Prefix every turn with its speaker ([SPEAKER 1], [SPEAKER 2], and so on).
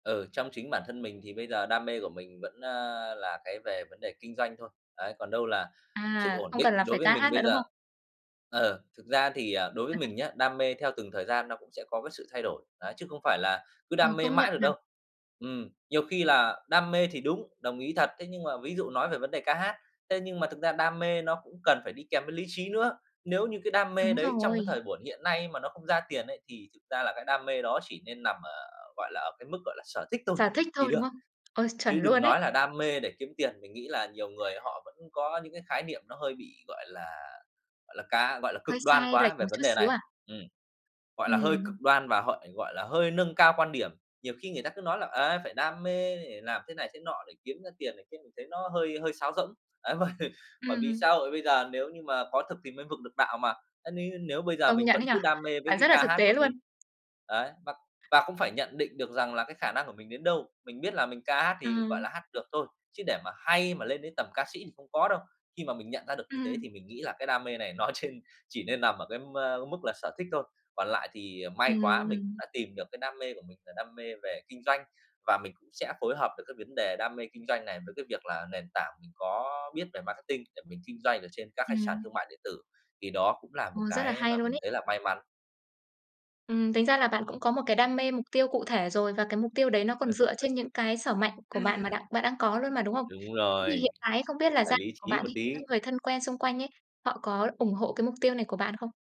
[SPEAKER 1] Ừ, trong chính bản thân mình thì bây giờ đam mê của mình vẫn, a, là cái về vấn đề kinh doanh thôi. Đấy, còn đâu là sự
[SPEAKER 2] À,
[SPEAKER 1] ổn
[SPEAKER 2] không cần
[SPEAKER 1] định
[SPEAKER 2] là
[SPEAKER 1] đối
[SPEAKER 2] phải
[SPEAKER 1] với
[SPEAKER 2] ca
[SPEAKER 1] mình
[SPEAKER 2] hát nữa,
[SPEAKER 1] bây
[SPEAKER 2] đúng
[SPEAKER 1] giờ
[SPEAKER 2] không?
[SPEAKER 1] ờ, thực ra thì, à, đối với
[SPEAKER 2] Ờ ha.
[SPEAKER 1] mình nhá, đam mê theo từng thời gian nó cũng sẽ có cái sự thay đổi. Đấy, chứ không phải là cứ
[SPEAKER 2] Ừ,
[SPEAKER 1] đam mê
[SPEAKER 2] công nhận
[SPEAKER 1] mãi được
[SPEAKER 2] nhỉ?
[SPEAKER 1] đâu. Ừm, nhiều khi là đam mê thì đúng, đồng ý thật, thế nhưng mà ví dụ nói về vấn đề ca hát, thế nhưng mà thực ra đam mê nó cũng cần phải đi kèm với lý trí nữa, nếu như cái đam mê
[SPEAKER 2] Đúng
[SPEAKER 1] đấy trong
[SPEAKER 2] rồi.
[SPEAKER 1] cái thời buổi hiện nay mà nó không ra tiền ấy, thì thực ra là cái đam mê đó chỉ nên nằm ở, gọi là, ở cái mức, gọi là, sở thích thôi
[SPEAKER 2] Sở thích
[SPEAKER 1] thì
[SPEAKER 2] thôi, đúng
[SPEAKER 1] được.
[SPEAKER 2] không? Ôi, chuẩn
[SPEAKER 1] Chứ đừng
[SPEAKER 2] luôn
[SPEAKER 1] nói
[SPEAKER 2] ấy!
[SPEAKER 1] là đam mê để kiếm tiền, mình nghĩ là nhiều người họ vẫn có những cái khái niệm nó hơi bị, gọi là, gọi là, cá gọi là, cực
[SPEAKER 2] Hơi
[SPEAKER 1] đoan
[SPEAKER 2] sai lệch
[SPEAKER 1] quá về
[SPEAKER 2] một
[SPEAKER 1] vấn
[SPEAKER 2] chút
[SPEAKER 1] đề
[SPEAKER 2] xíu
[SPEAKER 1] này.
[SPEAKER 2] à?
[SPEAKER 1] Ừm. Gọi là hơi
[SPEAKER 2] Ừm.
[SPEAKER 1] cực đoan và họ, gọi là, hơi nâng cao quan điểm, nhiều khi người ta cứ nói là, a, phải đam mê để làm thế này thế nọ để kiếm ra tiền này kia, mình thấy nó hơi hơi sáo rỗng. Ấy, mà bởi
[SPEAKER 2] Ừm
[SPEAKER 1] vì xã
[SPEAKER 2] hứm.
[SPEAKER 1] hội bây giờ, nếu như mà có thực thì mới vực được đạo mà. A, nêu nếu bây giờ
[SPEAKER 2] Công
[SPEAKER 1] mình
[SPEAKER 2] nhận
[SPEAKER 1] vẫn
[SPEAKER 2] ấy nhỉ.
[SPEAKER 1] cứ đam mê với
[SPEAKER 2] Bạn
[SPEAKER 1] cái
[SPEAKER 2] rất là
[SPEAKER 1] ca
[SPEAKER 2] thực
[SPEAKER 1] hát
[SPEAKER 2] tế
[SPEAKER 1] của
[SPEAKER 2] luôn.
[SPEAKER 1] mình đấy, và và cũng phải nhận định được rằng là cái khả năng của mình đến đâu. Mình biết là mình ca hát thì, gọi
[SPEAKER 2] Ừm.
[SPEAKER 1] là, hát được thôi, chứ để mà hay mà lên đến tầm ca sĩ thì không có đâu, khi mà mình nhận ra được như
[SPEAKER 2] Ừm.
[SPEAKER 1] thế thì mình nghĩ là cái đam mê này nó trên chỉ nên nằm ở cái m mức là sở thích thôi. Còn lại thì, ờ,
[SPEAKER 2] Ừm,
[SPEAKER 1] may quá, mình cũng
[SPEAKER 2] ừm.
[SPEAKER 1] đã tìm được cái đam mê của mình là đam mê về kinh doanh, và mình cũng sẽ phối hợp được cái vấn đề đam mê kinh doanh này với cái việc là nền tảng mình có biết về marketing để mình kinh doanh ở trên các cái sàn
[SPEAKER 2] Ừm.
[SPEAKER 1] thương mại điện tử, thì đó cũng là một
[SPEAKER 2] Ồ, rất là
[SPEAKER 1] cái
[SPEAKER 2] hay
[SPEAKER 1] mà
[SPEAKER 2] luôn
[SPEAKER 1] mình
[SPEAKER 2] ấy!
[SPEAKER 1] thấy là may mắn.
[SPEAKER 2] Ừm, tính ra là bạn cũng có một cái đam mê, mục tiêu cụ thể rồi và cái mục tiêu đấy nó còn dựa trên những cái sở mạnh của bạn mà đạn bạn đang có luôn mà, đúng không?
[SPEAKER 1] Đúng
[SPEAKER 2] Thế thì
[SPEAKER 1] rồi.
[SPEAKER 2] hiện tại ấy không biết là
[SPEAKER 1] Phải
[SPEAKER 2] gia
[SPEAKER 1] lý
[SPEAKER 2] của
[SPEAKER 1] trí
[SPEAKER 2] bạn
[SPEAKER 1] một
[SPEAKER 2] đi, các
[SPEAKER 1] tí.
[SPEAKER 2] người thân quen xung quanh ấy, họ có ủng hộ cái mục tiêu này của bạn không?